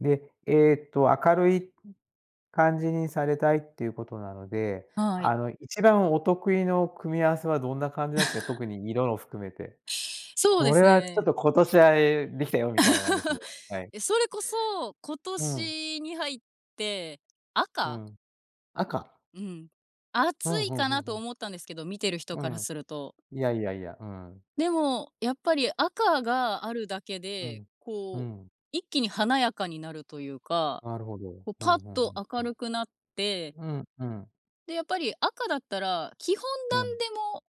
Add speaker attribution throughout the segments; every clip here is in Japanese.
Speaker 1: で、ええと、明るい、うん、感じにされたいっていうことなので、
Speaker 2: は
Speaker 1: あ
Speaker 2: い。
Speaker 1: の、一番お得意の組み合わせはどんな感じなんす、え、特 に色の含めて。
Speaker 2: そう
Speaker 1: こ
Speaker 2: で
Speaker 1: れ
Speaker 2: す
Speaker 1: はちょっ
Speaker 2: ね。
Speaker 1: と今年は、ええ、できたよみたいなんですね、はい。
Speaker 2: え、それこそ、今
Speaker 1: うん。
Speaker 2: 年に入って、
Speaker 1: う
Speaker 2: 赤
Speaker 1: ん。赤？
Speaker 2: うん。
Speaker 1: ふ
Speaker 2: 暑
Speaker 1: ん
Speaker 2: い
Speaker 1: ふん
Speaker 2: か
Speaker 1: ふん
Speaker 2: な
Speaker 1: ふ
Speaker 2: と
Speaker 1: ん。
Speaker 2: 思ったんですけど、見てる人
Speaker 1: う
Speaker 2: から
Speaker 1: ん。
Speaker 2: すると。
Speaker 1: いやいやいや、うん。
Speaker 2: でも、やっぱり赤があるだけ
Speaker 1: う
Speaker 2: で、
Speaker 1: ん、う
Speaker 2: こう、
Speaker 1: ん。
Speaker 2: 一気に華やかになるというか、
Speaker 1: なるほど、
Speaker 2: こう
Speaker 1: う
Speaker 2: ぱっ
Speaker 1: ん、ふんふ
Speaker 2: と
Speaker 1: ん、
Speaker 2: 明るくなって
Speaker 1: うん。うん、うん。
Speaker 2: で、やっぱり赤だったら、基本
Speaker 1: うん。
Speaker 2: 何でも、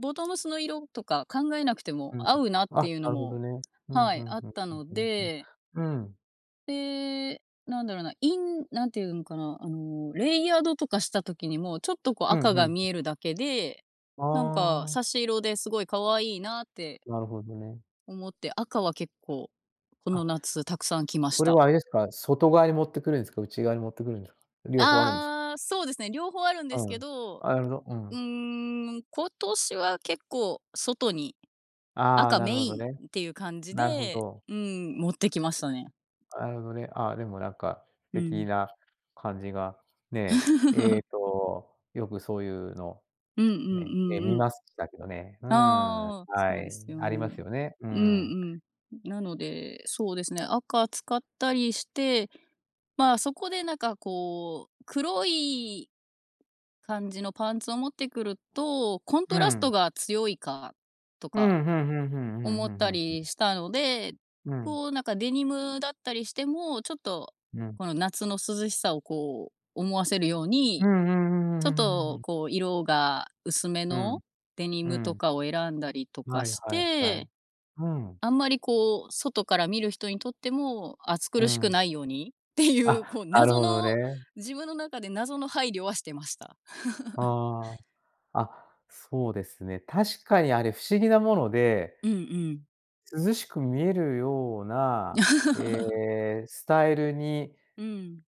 Speaker 2: ボトムスの色とか考えなくても、
Speaker 1: うんうん。
Speaker 2: 合うなっ
Speaker 1: あ、
Speaker 2: ていう
Speaker 1: な
Speaker 2: の
Speaker 1: るほど
Speaker 2: も
Speaker 1: ね。うん、
Speaker 2: は
Speaker 1: ふ
Speaker 2: い、
Speaker 1: ん
Speaker 2: あっ
Speaker 1: ふん、
Speaker 2: たの
Speaker 1: うん、ふん、
Speaker 2: で
Speaker 1: うん。うーん。
Speaker 2: で、なんだろな、インなんていうんかな、あの、レイヤードとかした時にも、ちょっとこう
Speaker 1: うん、
Speaker 2: 赤
Speaker 1: ふん、う
Speaker 2: が
Speaker 1: ん。
Speaker 2: 見えるだけで、なんか
Speaker 1: ああ。
Speaker 2: 差し色ですごい可愛いなって
Speaker 1: なるほどね。
Speaker 2: 思って、赤は結構、こ
Speaker 1: あ、
Speaker 2: の夏たくさん
Speaker 1: [unintelligible]
Speaker 2: 着まし
Speaker 1: それは
Speaker 2: た。
Speaker 1: あれですか、外側に持ってくるんすか、内側に持ってくるんですか、両方あるんです？
Speaker 2: ああ、そうですね、両方あるんです
Speaker 1: う
Speaker 2: け
Speaker 1: ん。
Speaker 2: ど。
Speaker 1: あ、なるほど。う
Speaker 2: う
Speaker 1: ん。
Speaker 2: ーん、今年は結構、外に、
Speaker 1: ああ、
Speaker 2: 赤
Speaker 1: な
Speaker 2: メ
Speaker 1: るほ
Speaker 2: イ
Speaker 1: ど
Speaker 2: ン
Speaker 1: ね。
Speaker 2: っていう感じ
Speaker 1: なるほ
Speaker 2: で、
Speaker 1: ど。
Speaker 2: うーん、持ってきましたね。
Speaker 1: あるほどね、ああ、でもなんか、
Speaker 2: う
Speaker 1: てき
Speaker 2: ん。
Speaker 1: な感じが、ね、ええ と、よくそういうの、
Speaker 2: うんうん
Speaker 1: ね、え、
Speaker 2: うん
Speaker 1: 見
Speaker 2: うん。
Speaker 1: ますしたけどね、うーん、
Speaker 2: ああ、
Speaker 1: は
Speaker 2: そうで
Speaker 1: い、
Speaker 2: すよ
Speaker 1: ありま
Speaker 2: ね。
Speaker 1: すよね、う
Speaker 2: う
Speaker 1: ん。
Speaker 2: んうん。なので、そうですね、赤使ったりして、まあ、そこでなんかこう、黒い、感じのパンツを持ってくると、コン
Speaker 1: う
Speaker 2: トラスト
Speaker 1: ん。
Speaker 2: が強いかと
Speaker 1: うー
Speaker 2: か
Speaker 1: ん、ふんふんふん、うん、
Speaker 2: 思
Speaker 1: ふ
Speaker 2: っ
Speaker 1: んふ
Speaker 2: た
Speaker 1: んふん、うん。
Speaker 2: りしたので、
Speaker 1: うん。
Speaker 2: こうなんかデニムだったりしても、ちょっと、
Speaker 1: うん。
Speaker 2: この夏の涼しさをこう思わせるよう
Speaker 1: う
Speaker 2: に、
Speaker 1: ん、ふん、ふ
Speaker 2: ちょ
Speaker 1: ふ
Speaker 2: っ
Speaker 1: ふふふふ
Speaker 2: と
Speaker 1: ん。
Speaker 2: こう色が薄め
Speaker 1: う
Speaker 2: の、
Speaker 1: ん、
Speaker 2: デニ
Speaker 1: う
Speaker 2: ムと
Speaker 1: ん。
Speaker 2: かを選んだりとか
Speaker 1: はい
Speaker 2: し
Speaker 1: はいはい。
Speaker 2: て。
Speaker 1: うん。
Speaker 2: あんまりこう、外から見る人にとっても、暑
Speaker 1: う
Speaker 2: 苦しく
Speaker 1: ん。
Speaker 2: ないようにっていう、
Speaker 1: あ、
Speaker 2: こう
Speaker 1: なる
Speaker 2: 謎
Speaker 1: ほど
Speaker 2: の、
Speaker 1: ね。
Speaker 2: 自分の中で謎の配慮はしてました。
Speaker 1: ああ。あ、そうですね。確かにあれ不思議なもので、
Speaker 2: うんうん。
Speaker 1: 涼しく見えるような、え え、スタイルに
Speaker 2: うん。